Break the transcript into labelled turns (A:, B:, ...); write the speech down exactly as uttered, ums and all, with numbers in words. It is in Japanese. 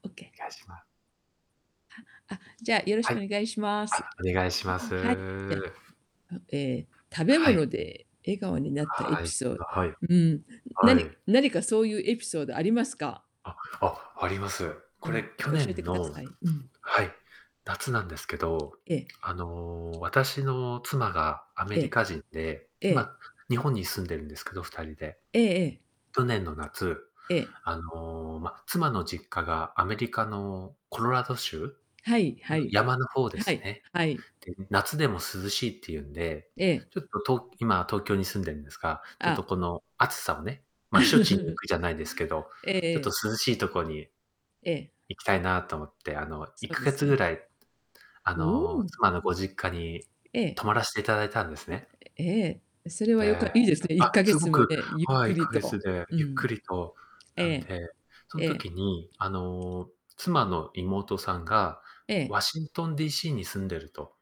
A: オッケ。
B: がいします。
A: ああ、じゃあ、よろし
B: はい。
A: くお願いします。
B: あ、お願いしま
A: んん、
B: す。
A: はい、じゃ、うえ、食べ
B: はい。
A: 物で笑顔になったエ
B: は
A: ピ
B: い、す
A: ソ
B: だはい。
A: ーん、
B: はい。
A: 何何かそういうエピソードありますか？
B: あ、ああります。
A: う
B: これ
A: ん、じ
B: 去
A: ゃ、教えて
B: 年
A: くだ
B: の
A: さい。うん。
B: はい、夏なんですけど、
A: はい。え
B: あの、
A: え。
B: 私の妻がアメ
A: え
B: リ
A: え。
B: カ人で、
A: ええ。
B: 今日本に住んでるんですけど、ふたりで。
A: ええ
B: 去年の夏、
A: ええ。ええ。
B: あの、ま、妻の実家がアメリカのコロラド州
A: はい
B: あ
A: は
B: の、
A: い。
B: 山の方で
A: は
B: す
A: い、
B: ね。
A: はい。
B: で、夏でも涼しいっていうんで、
A: ええ。
B: ちょっとと今東京に住んでるんですが、ちょっと
A: あ。
B: この暑さをね、ま、避暑地に行くじゃないですけど、
A: えええ
B: ちょっと
A: え。
B: 涼しいとこに
A: ええ。
B: 行きたいなと思って、あの、
A: そ
B: いっ
A: う
B: か
A: で
B: げ
A: す
B: つぐ
A: ね。
B: らい、あ
A: うー
B: の、
A: ん、うん。
B: 妻のご実家に
A: ええ。
B: 泊まらせていただいたんですね。
A: えええ、それは
B: で、
A: よか
B: え、
A: いいですね。い
B: あ、
A: っかげ
B: す
A: つ
B: ご
A: も
B: く、
A: ね、ゆっ
B: はい、
A: く
B: いっ
A: り
B: かげつ
A: と。
B: で
A: う
B: ゆっ
A: ん。
B: くりと
A: え
B: なん
A: え。
B: で、そん
A: ええ。
B: 時に、あの、妻の妹さんが
A: ええ。
B: ワシントン DC に住んでると